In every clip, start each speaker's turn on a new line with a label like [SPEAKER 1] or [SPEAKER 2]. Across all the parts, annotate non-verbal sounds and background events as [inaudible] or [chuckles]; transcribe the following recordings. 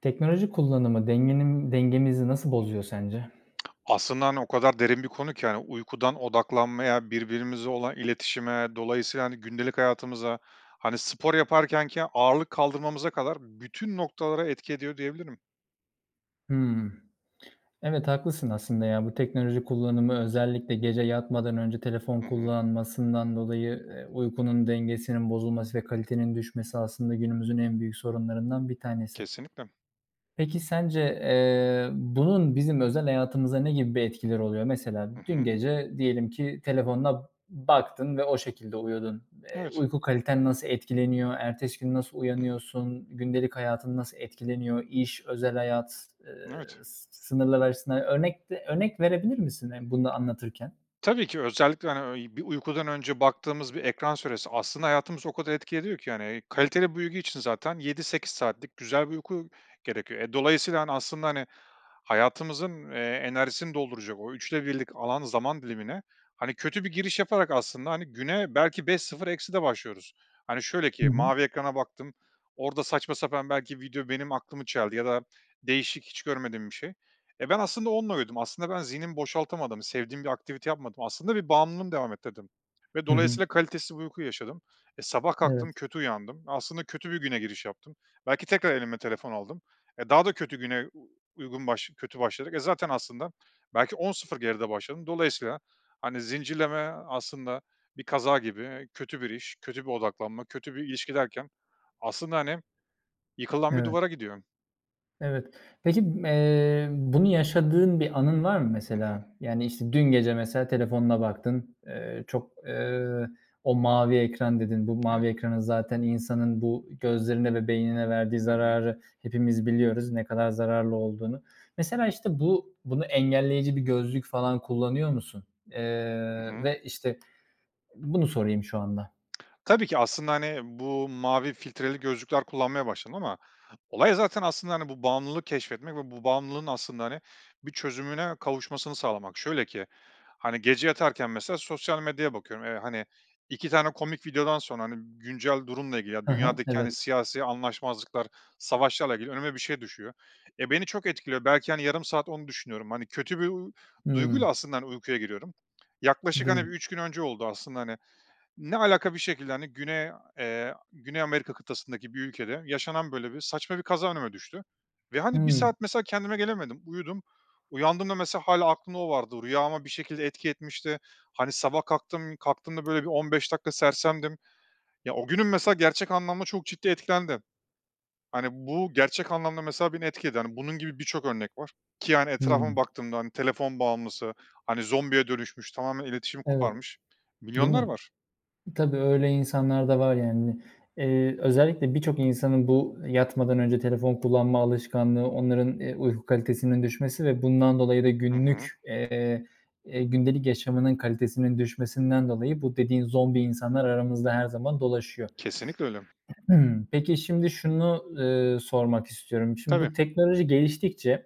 [SPEAKER 1] Teknoloji kullanımı dengenin dengemizi nasıl bozuyor sence?
[SPEAKER 2] Aslında hani o kadar derin bir konu ki, hani, uykudan odaklanmaya, birbirimize olan iletişime, dolayısıyla, hani, gündelik hayatımıza, hani, spor yaparkenkenki ağırlık kaldırmamıza kadar bütün noktalara etki ediyor diyebilirim.
[SPEAKER 1] Hımm. Evet, haklısın aslında ya. Bu teknoloji kullanımı özellikle gece yatmadan önce telefon
[SPEAKER 2] Hı hı.
[SPEAKER 1] kullanmasından dolayı, eee, uykunun dengesinin bozulması ve kalitenin düşmesi aslında günümüzün en büyük sorunlarından bir tanesi.
[SPEAKER 2] Kesinlikle.
[SPEAKER 1] Peki sence, eee, bunun bizim özel hayatımızda ne gibi bir etkileri oluyor? Mesela
[SPEAKER 2] Hı
[SPEAKER 1] dün
[SPEAKER 2] hı.
[SPEAKER 1] gece diyelim ki telefonuna baktın ve o şekilde uyudun. Eee,
[SPEAKER 2] Evet.
[SPEAKER 1] uyku kaliten nasıl etkileniyor? Ertesi gün nasıl
[SPEAKER 2] Hı hı.
[SPEAKER 1] uyanıyorsun? Gündelik hayatın nasıl etkileniyor? İş, özel hayat, eee,
[SPEAKER 2] Evet.
[SPEAKER 1] s sınırlar açısından örnek de örnek verebilir misin, eee, bunu da anlatırken?
[SPEAKER 2] Tabii ki özellikle, hani, bir, ııı, uykudan önce baktığımız bir ekran süresi aslında hayatımıza o kadar etki ediyor ki. Hani kaliteli bir uyku için zaten 7-8 saatlik güzel bir uyku gerekiyor. E, dolayısıyla, hani, aslında, hani, hayatımızın, eee, enerjisini dolduracak, o 3'te 1'lik alan zaman dilimine, hani, kötü bir giriş yaparak aslında, hani, güne belki 5-0 ekside başlıyoruz. Hani şöyle
[SPEAKER 1] Hı
[SPEAKER 2] ki
[SPEAKER 1] hı.
[SPEAKER 2] mavi ekrana baktım, orada saçma sapan belki video benim aklımı çeldi ya da değişik hiç görmediğim bir şey. Eee, ben aslında onunla uyudum, aslında ben zihnimi boşaltamadım, sevdiğim bir aktivite yapmadım, aslında bir bağımlılığımı devam ettirdim ve
[SPEAKER 1] Hı hı.
[SPEAKER 2] dolayısıyla kalitesiz bir uyku yaşadım. E, sabah kalktım,
[SPEAKER 1] Evet.
[SPEAKER 2] kötü uyandım, aslında kötü bir güne giriş yaptım, belki tekrar elime telefon aldım. E, daha da kötü güne, u uygun başla kötü başladık, e, zaten aslında belki 10-0 geride başladım. Dolayısıyla, hani, zincirleme aslında bir kaza gibi, kötü bir iş, kötü bir odaklanma, kötü bir ilişki derken aslında, hani, yıkılan bir
[SPEAKER 1] Evet.
[SPEAKER 2] duvara gidiyor.
[SPEAKER 1] Evet. Peki, ımm, eee, bunu yaşadığın bir anın var mı
[SPEAKER 2] Hı hı.
[SPEAKER 1] mesela? Yani, işte, dün gece mesela telefonuna baktın, eee, çok, eee, o mavi ekran dedin. Bu
[SPEAKER 2] Evet.
[SPEAKER 1] mavi ekranın zaten insanın bu gözlerine ve beynine verdiği
[SPEAKER 2] Hı hı.
[SPEAKER 1] zararı hepimiz biliyoruz ne kadar zararlı olduğunu. Mesela, işte bu, bunu engelleyici bir gözlük falan kullanıyor musun? Eee,
[SPEAKER 2] Hı hı.
[SPEAKER 1] ve, işte, bunu sorayım şu anda.
[SPEAKER 2] [smacks lips] Tabii ki aslında, hani, bu mavi filtreli gözlükler kullanmaya başladım ama olay zaten aslında, hani, bu bağımlılığı keşfetmek ve bu bağımlılığın aslında, hani, bir çözümüne kavuşmasını sağlamak. Şöyle ki, hani, gece yatarken mesela sosyal medyaya bakıyorum. Eee, hani, 2 tane komik videodan sonra, hani, güncel durumla ilgili, ya,
[SPEAKER 1] Hı hı,
[SPEAKER 2] dünyadaki, hani,
[SPEAKER 1] evet.
[SPEAKER 2] siyasi anlaşmazlıklar, savaşlarla ilgili önüme bir şey düşüyor. E, beni çok etkiliyor. Belki, hani, yarım saat onu düşünüyorum. Hani, kötü bir, uuu,
[SPEAKER 1] Hıı.
[SPEAKER 2] duyguyla aslında, hani, uykuya giriyorum. Yaklaşık,
[SPEAKER 1] Değil
[SPEAKER 2] hani,
[SPEAKER 1] mi?
[SPEAKER 2] 3 gün önce oldu aslında, hani, ne alaka bir şekilde, hani, Güney, eee, Güney Amerika kıtasındaki bir ülkede yaşanan, böyle, bir saçma bir kaza önüme düştü ve hani, 1
[SPEAKER 1] Hıı.
[SPEAKER 2] saat mesela kendime gelemedim. Uyudum. Uyandığımda mesela hâlâ aklımda o vardı. Rüyâma bir şekilde etki etmişti. Hani, sabah kalktım kalktığımda böyle, 15 dakika sersemdim. Ya, o günüm mesela gerçek anlamda çok ciddi etkilendi. Hani, bu gerçek anlamda mesela beni etkiledi, hani, bunun gibi birçok örnek var ki yani, etrafıma
[SPEAKER 1] Hıı.
[SPEAKER 2] baktığımda, hani, telefon bağımlısı, hani, zombiye dönüşmüş, tamamen iletişimi
[SPEAKER 1] Evet.
[SPEAKER 2] koparmış
[SPEAKER 1] Değil
[SPEAKER 2] milyonlar
[SPEAKER 1] mi?
[SPEAKER 2] var.
[SPEAKER 1] Tabii öyle insanlar da var yani. Eee, özellikle birçok insanın bu yatmadan önce telefon kullanma alışkanlığı, onların, eee, uyku kalitesinin düşmesi ve bundan dolayı da
[SPEAKER 2] Hı hı.
[SPEAKER 1] günlük, eee, gündelik yaşamının kalitesinin düşmesinden dolayı bu dediğin zombi insanlar aramızda her zaman dolaşıyor.
[SPEAKER 2] Kesinlikle öyle.
[SPEAKER 1] [clears throat] Peki, şimdi, şunu, ııı, sormak istiyorum. Şimdi
[SPEAKER 2] Tabii.
[SPEAKER 1] bu teknoloji geliştikçe,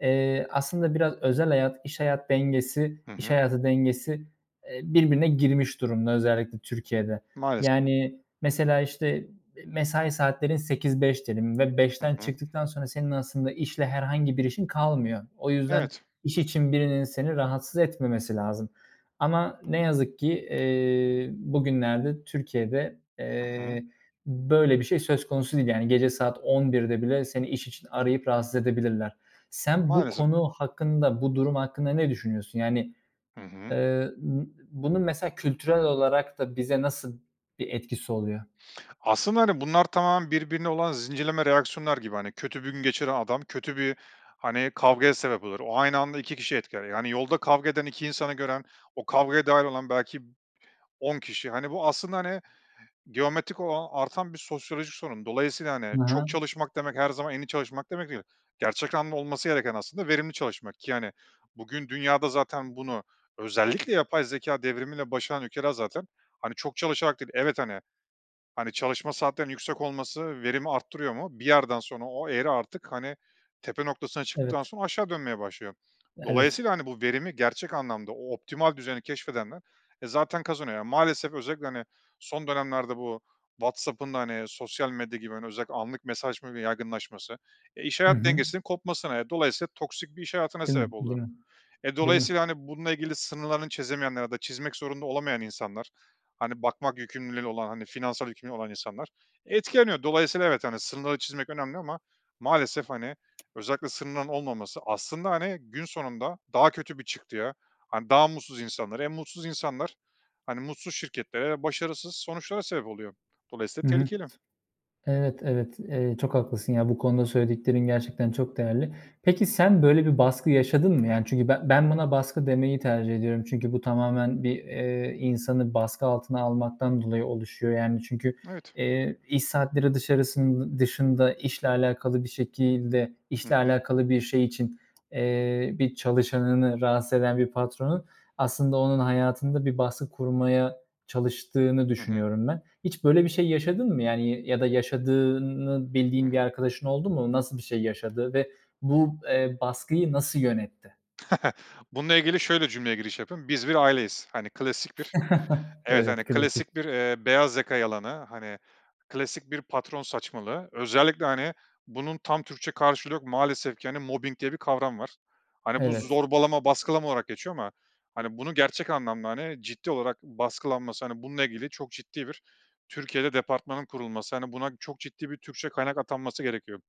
[SPEAKER 1] eee, aslında biraz özel hayat, iş hayat dengesi
[SPEAKER 2] Hı
[SPEAKER 1] iş
[SPEAKER 2] hı.
[SPEAKER 1] hayatı dengesi, eee, birbirine girmiş durumda özellikle Türkiye'de.
[SPEAKER 2] Maalesef.
[SPEAKER 1] Yani, mesela, işte, mesai saatlerin 8-5 diyelim ve
[SPEAKER 2] Hı
[SPEAKER 1] 5'ten
[SPEAKER 2] hı.
[SPEAKER 1] çıktıktan sonra senin aslında işle herhangi bir işin kalmıyor. O yüzden
[SPEAKER 2] Evet.
[SPEAKER 1] iş için birinin seni rahatsız etmemesi lazım ama ne yazık ki eee, bugünlerde Türkiye'de,
[SPEAKER 2] Hı hı.
[SPEAKER 1] eee, böyle bir şey söz konusu değil. Yani gece saat 11'de bile seni iş için arayıp rahatsız edebilirler. Sen bu
[SPEAKER 2] Maalesef.
[SPEAKER 1] konu hakkında, bu durum hakkında ne düşünüyorsun? Yani,
[SPEAKER 2] Hı hı.
[SPEAKER 1] eee, ııı, bunun mesela kültürel olarak da bize nasıl bir etkisi oluyor?
[SPEAKER 2] Aslında, hani, bunlar tamamen birbirine olan zincirleme reaksiyonlar gibi, hani, kötü gün geçiren adam kötü bir, hani, kavgaya sebep olur. O aynı anda 2 kişiyi etkiler, yani, yolda kavga eden 2 insanı gören, o kavgaya dâhil olan belki 10 kişi. Hani, bu aslında, hani, geometrik olan, artan bir sosyoloji sorunu. Dolayısıyla, hani,
[SPEAKER 1] Ha
[SPEAKER 2] çok
[SPEAKER 1] ha.
[SPEAKER 2] çalışmak demek her zaman en iyi çalışmak demek değil. Gerçek anlamda olması gereken aslında verimli çalışmak. Ki hani, bugün dünyada zaten bunu özellikle yapay zekâ devrimiyle başaran ülkeler zaten, hani, çok çalışarak değil. Evet, hani hani, çalışma saatlerinin yüksek olması verimi arttırıyor mu? Bir yerden sonra o eğri artık, hani, tepe noktasına çıktıktan
[SPEAKER 1] Evet.
[SPEAKER 2] sonra aşağı dönmeye başlıyor.
[SPEAKER 1] Evet.
[SPEAKER 2] Dolayısıyla, hani, bu verimi gerçek anlamda, o optimal düzeni keşfedenler, eee, zaten kazanıyor. Ya, maalesef özellikle, hani, son dönemlerde bu WhatsApp'ın da hani, sosyal medya gibi, hani, özellikle anlık mesajlaşmanın yaygınlaşması, e, iş
[SPEAKER 1] Hı
[SPEAKER 2] hayat
[SPEAKER 1] hı.
[SPEAKER 2] dengesinin kopmasına ve dolayısıyla toksik bir iş hayatına
[SPEAKER 1] Değil mi,
[SPEAKER 2] sebep oldu.
[SPEAKER 1] değil mi,
[SPEAKER 2] E,
[SPEAKER 1] değil mi?
[SPEAKER 2] dolayısıyla, hani, bununla ilgili sınırlarını çizemeyenler ya da çizmek zorunda olamayan insanlar, hani, bakmak yükümlülüğü olan, hani, finansal yükümlülüğü olan insanlar etkileniyor. Dolayısıyla evet, hani, sınırları çizmek önemli ama maalesef, hani, özellikle sınırların olmaması aslında, hani, gün sonunda daha kötü bir çıktıya, hani, daha mutsuz insanlara, hem mutsuz insanlar, hani, mutsuz şirketlere, başarısız sonuçlara sebep oluyor. Dolayısıyla
[SPEAKER 1] Hı hı.
[SPEAKER 2] tehlikeli.
[SPEAKER 1] Evet, evet. Eee, çok haklısın ya, bu konuda söylediklerin gerçekten çok değerli. Peki, sen böyle bir baskı yaşadın mı?
[SPEAKER 2] Hı
[SPEAKER 1] Yani
[SPEAKER 2] hı.
[SPEAKER 1] çünkü ben ben buna baskı demeyi tercih ediyorum çünkü bu tamamen bir, eee, insanı baskı altına almaktan dolayı oluşuyor. Yani çünkü
[SPEAKER 2] Evet.
[SPEAKER 1] eee, iş saatleri dışarısın dışında işle alakalı bir şekilde
[SPEAKER 2] Hı
[SPEAKER 1] işle
[SPEAKER 2] hı.
[SPEAKER 1] alakalı bir şey için eee, bir çalışanını rahatsız eden bir patronun aslında onun hayatında bir baskı kurmaya çalıştığını
[SPEAKER 2] Hı hı.
[SPEAKER 1] düşünüyorum ben. Hiç böyle bir şey yaşadın mı yani? Y ya da yaşadığını bildiğin
[SPEAKER 2] Hı
[SPEAKER 1] bir
[SPEAKER 2] hı.
[SPEAKER 1] arkadaşın oldu mu? Nasıl bir şey yaşadı ve bu, eee, baskıyı nasıl yönetti?
[SPEAKER 2] [chuckles] Bununla ilgili şöyle cümleye giriş yapayım. Biz bir aileyiz, hani, klasik bir,
[SPEAKER 1] [chuckles]
[SPEAKER 2] evet, hani,
[SPEAKER 1] Evet, klasik.
[SPEAKER 2] klasik bir, eee, beyaz yaka yalanı, hani, klasik bir patron saçmalığı. Özellikle, hani, bunun tam Türkçe karşılığı yok, maalesef ki hani, mobbing diye bir kavram var. Hani, bu
[SPEAKER 1] Evet.
[SPEAKER 2] zorbalama, baskılama olarak geçiyor ama hani, bunu gerçek anlamda, hani, ciddi olarak baskılanması, hani, bununla ilgili çok ciddi bir Türkiye'de departmanın kurulması, hani, buna çok ciddi bir Türkçe kaynak atanması gerekiyor.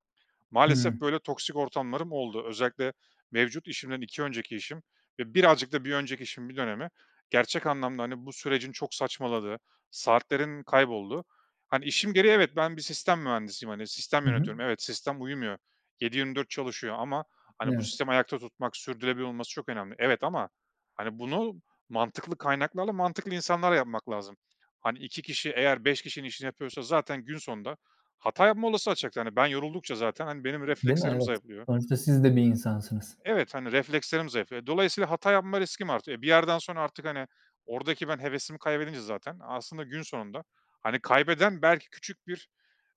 [SPEAKER 1] Hıı.
[SPEAKER 2] Maalesef böyle toksik ortamlarım oldu. Özellikle mevcut işimden 2 önceki işim ve birazcık da bir önceki işin bir dönemi gerçek anlamda, hani, bu sürecin çok saçmaladığı, saatlerin kaybolduğu. Hani, işim gereği evet, ben bir sistem mühendisiyim, hani, sistem
[SPEAKER 1] Hı hı.
[SPEAKER 2] yönetiyorum. Evet, sistem uyumuyor, 7-24 çalışıyor ama hani, bu
[SPEAKER 1] Evet.
[SPEAKER 2] sistemi ayakta tutmak, sürdürülebilir olması çok önemli evet ama hani, bunu mantıklı kaynaklarla, mantıklı insanlarla yapmak lazım. Hani, 2 kişi eğer 5 kişinin işini yapıyorsa zaten gün sonunda hata yapma olasılığı artacaktır. Hani, ben yoruldukça zaten, hani, benim
[SPEAKER 1] Değil mi?
[SPEAKER 2] reflekslerim
[SPEAKER 1] Evet,
[SPEAKER 2] zayıflıyor.
[SPEAKER 1] sonuçta siz de bir insansınız.
[SPEAKER 2] Evet, hani, reflekslerim zayıflıyor. Eee, dolayısıyla hata yapma riskim artıyor. Eee, bir yerden sonra artık, hani, oradaki ben hevesimi kaybedince zaten aslında gün sonunda, hani, kaybeden belki küçük bir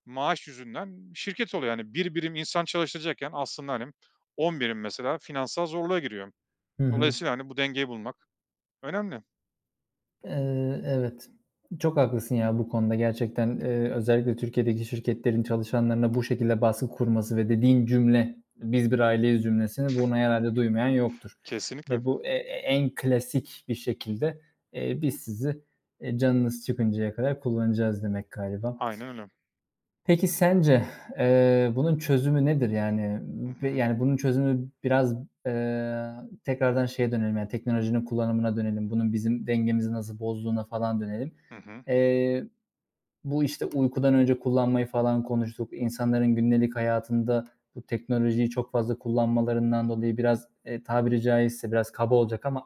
[SPEAKER 2] maaş yüzünden şirket oluyor, yani, 1 birim insan çalıştıracakken aslında, hani, 10 birim mesela finansal zorluğa giriyor.
[SPEAKER 1] Hı hı.
[SPEAKER 2] Dolayısıyla, hani, bu dengeyi bulmak önemli.
[SPEAKER 1] Iıı, evet, çok haklısın ya bu konuda gerçekten, ııı, özellikle Türkiye’deki şirketlerin çalışanlarına bu şekilde baskı kurması ve dediğin cümle, "Biz bir aileyiz." cümlesini, bunu herhâlde duymayan yoktur
[SPEAKER 2] Kesinlikle.
[SPEAKER 1] ve bu, e e en klasik bir şekilde, eee, "Biz sizi, eee, canınız çıkıncaya kadar kullanacağız." demek galiba.
[SPEAKER 2] Aynen öyle.
[SPEAKER 1] Peki sence, [exhales] eee, bunun çözümü nedir? Yani,
[SPEAKER 2] Hı
[SPEAKER 1] ııı, bi
[SPEAKER 2] hı.
[SPEAKER 1] yani bunun çözümü biraz, eee, tekrardan şeye dönelim, yani teknolojinin kullanımına dönelim. Bunun bizim dengemizi nasıl bozduğuna falan dönelim.
[SPEAKER 2] Hı hı.
[SPEAKER 1] Eee, bu işte uykudan önce kullanmayı falan konuştuk, insanların gündelik hayatında bu teknolojiyi çok fazla kullanmalarından dolayı biraz, eee, tabiri caizse biraz kaba olacak ama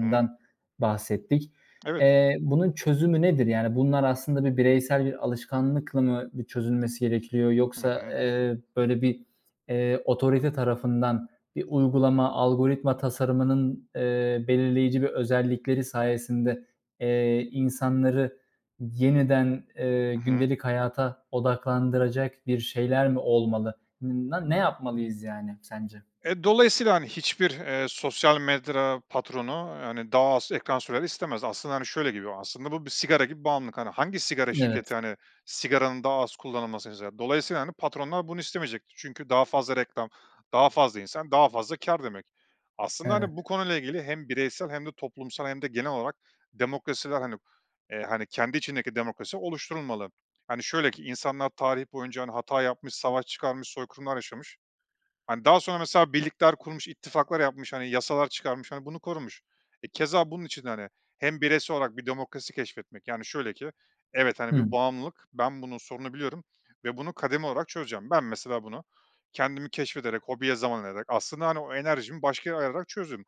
[SPEAKER 2] Hı hı.
[SPEAKER 1] bahsettik.
[SPEAKER 2] Evet.
[SPEAKER 1] Eee, bunun çözümü nedir? Yani bunlar aslında bir bireysel bir alışkanlıkla mı bir çözülmesi gerekiyor
[SPEAKER 2] Hı
[SPEAKER 1] yoksa,
[SPEAKER 2] hı.
[SPEAKER 1] eee, böyle bir, eee, otorite tarafından bir uygulama, algoritma tasarımının, eee, belirleyici bir özellikleri sayesinde, eee, insanları yeniden, eee,
[SPEAKER 2] Hı hı.
[SPEAKER 1] gündelik hayata odaklandıracak bir şeyler mi olmalı? Na ne yapmalıyız yani sence?
[SPEAKER 2] Eee, dolayısıyla, hani, hiçbir, eee, sosyal medya patronu, hani, daha az ekran süreni istemez. Aslında, hani, şöyle, gibi bu aslında bu bir sigara gibi bağımlılık. Hangi sigara
[SPEAKER 1] Evet.
[SPEAKER 2] şirketi, hani, sigaranın daha az kullanılmasını ister? Dolayısıyla, hani, patronlar bunu istemeyecektir çünkü daha fazla reklam, daha fazla insan, daha fazla kâr demek. Aslında,
[SPEAKER 1] Evet.
[SPEAKER 2] hani, bu konuyla ilgili hem bireysel hem de toplumsal hem de genel olarak demokrasiler, hani, eee, hani, kendi içindeki demokrasi oluşturulmalı. Hani, şöyle ki, insanlar tarih boyunca, hani, hata yapmış, savaş çıkarmış, soykırımlar yaşamış, hani, daha sonra mesela birlikler kurmuş, ittifaklar yapmış, hani, yasalar çıkarmış, hani, bunu korumuş. E, keza bunun için de, hani, hem bireysel olarak bir demokrasi keşfetmek yani şöyle ki, evet, hani, bir
[SPEAKER 1] Hımm.
[SPEAKER 2] bağımlılık, ben bunu, sorunu biliyorum ve bunu kademe olarak çözeceğim. Ben mesela bunu kendimi keşfederek, hobiye zaman ayırarak aslında, hani, o enerjimi başka yere ayırarak çözdüm.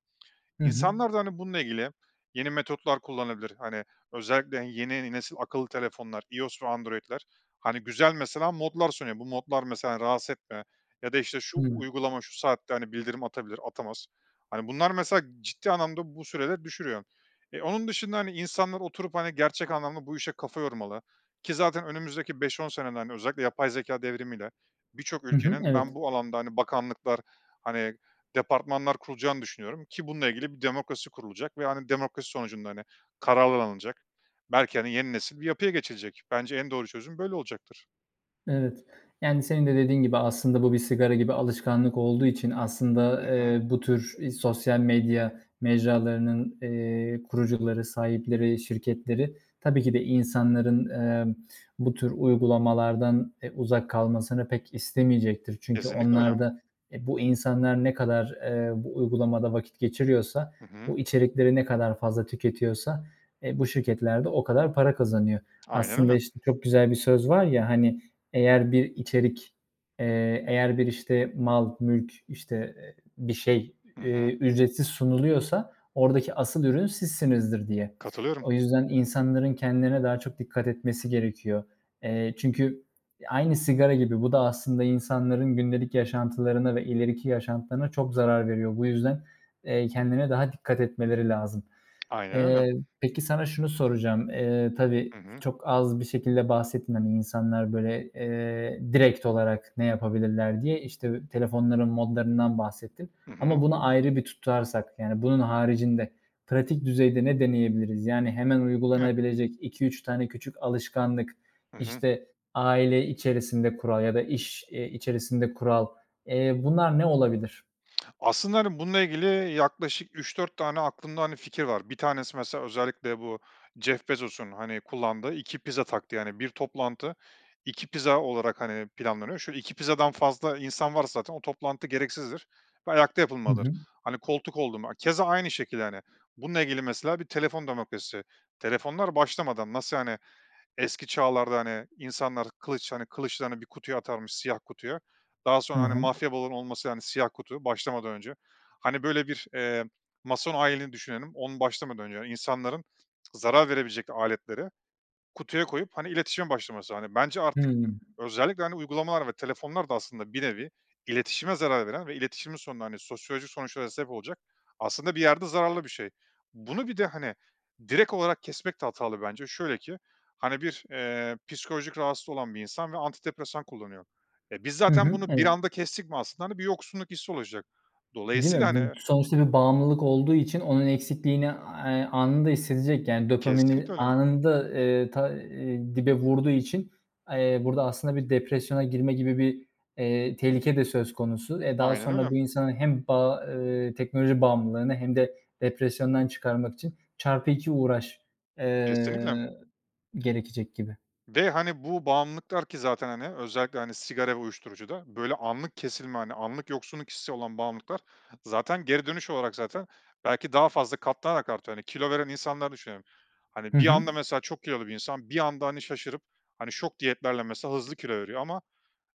[SPEAKER 1] Hı hı.
[SPEAKER 2] İnsanlar da, hani, bununla ilgili yeni metotlar kullanabilir, hani, özellikle yeni nesil akıllı telefonlar, iOS ve Android’ler, hani, güzel mesela modlar sunuyor. Bu modlar mesela rahatsız etme ya da, işte, şu
[SPEAKER 1] Hı.
[SPEAKER 2] uygulama şu saatte, hani, bildirim atabilir, atamaz, hani, bunlar mesela ciddi anlamda bu süreleri düşürüyor. Eee, onun dışında, hani, insanlar oturup, hani, gerçek anlamda bu işe kafa yormalı. Ki zaten önümüzdeki 5-10 senede hani özellikle yapay zekâ devrimi ile birçok
[SPEAKER 1] Hı hı,
[SPEAKER 2] ülkenin ben
[SPEAKER 1] evet.
[SPEAKER 2] bu alanda, hani, bakanlıklar, hani, departmanlar kurulacağını düşünüyorum ki bununla ilgili bir demokrasi kurulacak ve, hani, demokrasi sonucunda, hani, kararlar alınacak, belki, hani, yeni nesil bir yapıya geçilecek. Bence en doğru çözüm böyle olacaktır.
[SPEAKER 1] Evet, yani senin de dediğin gibi aslında bu bir sigara gibi alışkanlık olduğu için aslında,
[SPEAKER 2] Hı hı.
[SPEAKER 1] eee, bu tür sosyal medya mecralarının, eee, kurucuları, sahipleri, şirketleri tabii ki de insanların, eee, bu tür uygulamalardan, eee, uzak kalmasını pek istemeyecektir. Çünkü
[SPEAKER 2] Kesinlikle
[SPEAKER 1] onlar
[SPEAKER 2] öyle.
[SPEAKER 1] da, e, bu insanlar ne kadar, eee, bu uygulamada vakit geçiriyorsa,
[SPEAKER 2] Hı hı.
[SPEAKER 1] bu içerikleri ne kadar fazla tüketiyorsa, eee, bu şirketler de o kadar para kazanıyor.
[SPEAKER 2] Aynen
[SPEAKER 1] Aslında
[SPEAKER 2] öyle.
[SPEAKER 1] işte çok güzel bir söz var ya, hani, eğer bir içerik, eee, eğer bir işte mal, mülk, işte, bir şey,
[SPEAKER 2] Hı
[SPEAKER 1] eee,
[SPEAKER 2] hı.
[SPEAKER 1] ücretsiz sunuluyorsa oradaki asıl ürün sizsinizdir diye.
[SPEAKER 2] Katılıyorum.
[SPEAKER 1] O yüzden insanların kendilerine daha çok dikkat etmesi gerekiyor. Eee, çünkü aynı sigara gibi bu da aslında insanların gündelik yaşantılarına ve ileriki yaşantılarına çok zarar veriyor. Bu yüzden, eee, kendine daha dikkat etmeleri lazım.
[SPEAKER 2] Aynen öyle.
[SPEAKER 1] Eee, peki sana şunu soracağım. Eee, tabii
[SPEAKER 2] Hı hı.
[SPEAKER 1] çok az bir şekilde bahsettin, hani, insanlar böyle, eee, direkt olarak ne yapabilirler diye. İşte telefonların modlarından bahsettin
[SPEAKER 2] Hı hı.
[SPEAKER 1] ama bunu ayrı bir tutarsak yani, bunun haricinde pratik düzeyde ne deneyebiliriz? Yani, hemen
[SPEAKER 2] Evet.
[SPEAKER 1] uygulanabilecek 2-3 tane küçük alışkanlık,
[SPEAKER 2] Hı hı.
[SPEAKER 1] işte, aile içerisinde kural ya da iş, eee, içerisinde kural, eee, bunlar ne olabilir?
[SPEAKER 2] Aslında, hani, bununla ilgili yaklaşık 3-4 tane aklımda, hani, fikir var. 1 tanesi mesela özellikle bu Jeff Bezos'un, hani, kullandığı 2 pizza taktiği, hani, 1 toplantı, 2 pizza olarak, hani, planlanıyor. Şöyle 2 pizzadan fazla insan varsa zaten o toplantı gereksizdir ve ayakta
[SPEAKER 1] Hı
[SPEAKER 2] yapılmalıdır.
[SPEAKER 1] hı.
[SPEAKER 2] Hani, koltuk oldu mu, keza aynı şekilde, yani. Bununla ilgili mesela bir telefon demokrasisi. Telefonlar başlamadan nasıl, hani, eski çağlarda, hani, insanlar kılıç hani, kılıçlarını bir kutuya atarmış siyah kutuya daha
[SPEAKER 1] He
[SPEAKER 2] sonra, hani,
[SPEAKER 1] he.
[SPEAKER 2] mafya balonu olması yani siyah kutu başlamadan önce, hani, böyle bir, eee, mason ayini düşünelim. Onu başlamadan önce insanların zarar verebilecek aletleri kutuya koyup, hani, iletişime başlaması, hani, bence artık
[SPEAKER 1] Hımm.
[SPEAKER 2] özellikle, hani, uygulamalar ve telefonlar da aslında bir nevi iletişime zarar veren ve iletişimin sonunda, hani, sosyolojik sonuçlara sebep olacak aslında bir yerde zararlı bir şey. Bunu bir de, hani, direkt olarak kesmek de hatalı bence. Şöyle ki, hani, bir, eee, psikolojik rahatsız olan bir insan ve antidepresan kullanıyor. E, biz
[SPEAKER 1] Hı
[SPEAKER 2] zaten
[SPEAKER 1] hı,
[SPEAKER 2] bunu bir
[SPEAKER 1] evet.
[SPEAKER 2] anda kestik mi aslında, hani, bir yoksunluk hissi olacak.
[SPEAKER 1] Değil
[SPEAKER 2] Dolayısıyla,
[SPEAKER 1] mi, bu
[SPEAKER 2] hani
[SPEAKER 1] sonuçta bir bağımlılık olduğu için onun eksikliğini, eee, anında hissedecek, yani, dopamini
[SPEAKER 2] Kesinlikle öyle.
[SPEAKER 1] anında, eee, ta eee, dibe vurduğu için, eee, burada aslında bir depresyona girme gibi bir, eee, tehlike de söz konusu. E, daha
[SPEAKER 2] Aynen
[SPEAKER 1] sonra bu
[SPEAKER 2] öyle.
[SPEAKER 1] insanın hem ba ııı, teknoloji bağımlılığını hem de depresyondan çıkarmak için çarpı 2 uğraş,
[SPEAKER 2] Kesinlikle.
[SPEAKER 1] eee, gerekecek gibi.
[SPEAKER 2] Ve, hani, bu bağımlılıklar ki zaten, hani, özellikle, hani, sigara ve uyuşturucuda böyle anlık kesilme, hani, anlık yoksunluk hissi olan bağımlılıklar zaten geri dönüş olarak zaten belki daha fazla katlanarak artıyor, hani, kilo veren insanları düşünelim.
[SPEAKER 1] Hı
[SPEAKER 2] Hani, bir
[SPEAKER 1] hı.
[SPEAKER 2] anda mesela çok kilolu bir insan bir anda, hani, şaşırıp, hani, şok diyetlerle mesela hızlı kilo veriyor ama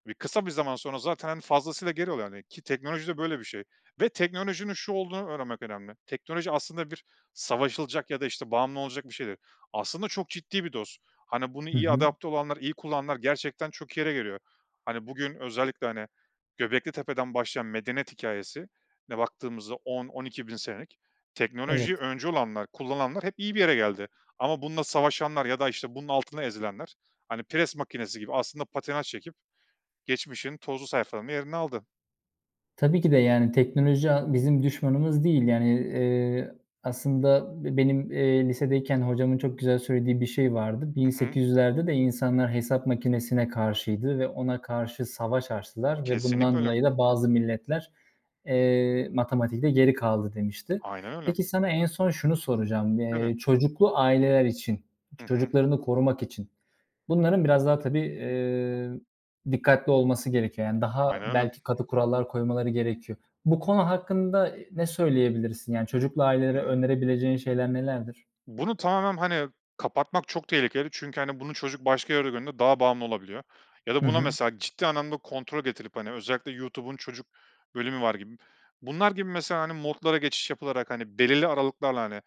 [SPEAKER 2] e, kısa bir zaman sonra zaten fazlasıyla geri oluyor, hani, ki teknolojide böyle bir şey ve teknolojinin şu olduğunu öğrenmek önemli teknoloji aslında bir savaşılacak ya da işte bağımlı olacak bir şey değil. Aslında çok ciddi bir dost. Hani, bunu
[SPEAKER 1] Hı
[SPEAKER 2] iyi
[SPEAKER 1] hı.
[SPEAKER 2] adapte olanlar iyi kullananlar gerçekten çok iyi yere geliyor. Hani, bugün özellikle, hani, Göbeklitepe'den başlayan medeniyet hikâyesine baktığımızda 10.000-12.000 senelik teknolojiyi
[SPEAKER 1] Evet.
[SPEAKER 2] öncü olanlar kullananlar hep iyi bir yere geldi ama bununla savaşanlar ya da işte bunun altında ezilenler, hani, pres makinesi gibi aslında patinaj çekip geçmişin tozlu sayfalarında yerini aldı.
[SPEAKER 1] Tabii ki de, yani, teknoloji, a bizim düşmanımız değil, yani, eee, aslında be benim, eee, lisedeyken hocamın çok güzel söylediği bir şey vardı. bin
[SPEAKER 2] Hı hı.
[SPEAKER 1] sekiz yüzlerde de insanlar hesap makinesine karşıydı ve ona karşı savaş açtılar ve
[SPEAKER 2] Kesinlikle
[SPEAKER 1] bundan
[SPEAKER 2] öyle.
[SPEAKER 1] dolayı da bazı milletler, eee, matematikte geri kaldı, demişti.
[SPEAKER 2] Aynen öyle.
[SPEAKER 1] Peki, sana en son şunu soracağım.
[SPEAKER 2] Tabii.
[SPEAKER 1] Eee, çocuklu aileler için,
[SPEAKER 2] Hı hı.
[SPEAKER 1] çocuklarını korumak için bunların biraz daha, tabii, eee, dikkatli olması gerekiyor. Yani, daha
[SPEAKER 2] Aynen öyle.
[SPEAKER 1] belki katı kurallar koymaları gerekiyor. Bu konu hakkında ne söyleyebilirsin? Yani, çocuklu
[SPEAKER 2] Hı
[SPEAKER 1] ailelere
[SPEAKER 2] hı.
[SPEAKER 1] önerebileceğin şeyler nelerdir?
[SPEAKER 2] Bunu tamamen, hani, kapatmak çok tehlikeli çünkü, hani, bunu çocuk başka yerde gördüğünde daha bağımlı olabiliyor ya da
[SPEAKER 1] Hı
[SPEAKER 2] buna,
[SPEAKER 1] hı.
[SPEAKER 2] mesela, ciddi anlamda kontrol getirip, hani, özellikle YouTube'un çocuk bölümü var, gibi. Bunlar gibi, mesela, hani, modlara geçiş yapılarak, hani, belirli aralıklarla, hani,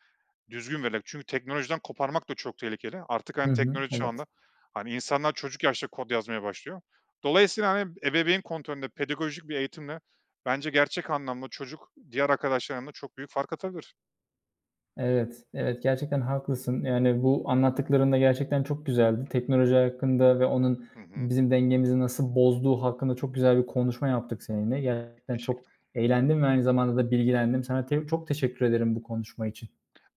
[SPEAKER 2] düzgün vererek çünkü teknolojiden koparmak da çok tehlikeli artık,
[SPEAKER 1] Hı
[SPEAKER 2] hani,
[SPEAKER 1] hı,
[SPEAKER 2] teknoloji
[SPEAKER 1] evet.
[SPEAKER 2] çağında, hani, insanlar çocuk yaşta kod yazmaya başlıyor. Dolayısıyla, hani, ebeveyn kontrolünde pedagojik bir eğitimle bence gerçek anlamda çocuk diğer arkadaşlarının yanında çok büyük fark atabilir.
[SPEAKER 1] Evet, evet. Gerçekten haklısın. Yani, bu anlattıkların da gerçekten çok güzeldi. Teknoloji hakkında ve onun
[SPEAKER 2] Hı hı.
[SPEAKER 1] bizim dengemizi nasıl bozduğu hakkında çok güzel bir konuşma yaptık seninle. Gerçekten çok
[SPEAKER 2] Teşekkürler.
[SPEAKER 1] eğlendim ve aynı zamanda da bilgilendim. Sana te çok teşekkür ederim bu konuşma için.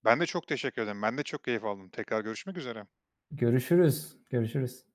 [SPEAKER 2] Ben de çok teşekkür ederim. Ben de çok keyif aldım. Tekrar görüşmek üzere.
[SPEAKER 1] Görüşürüz, görüşürüz.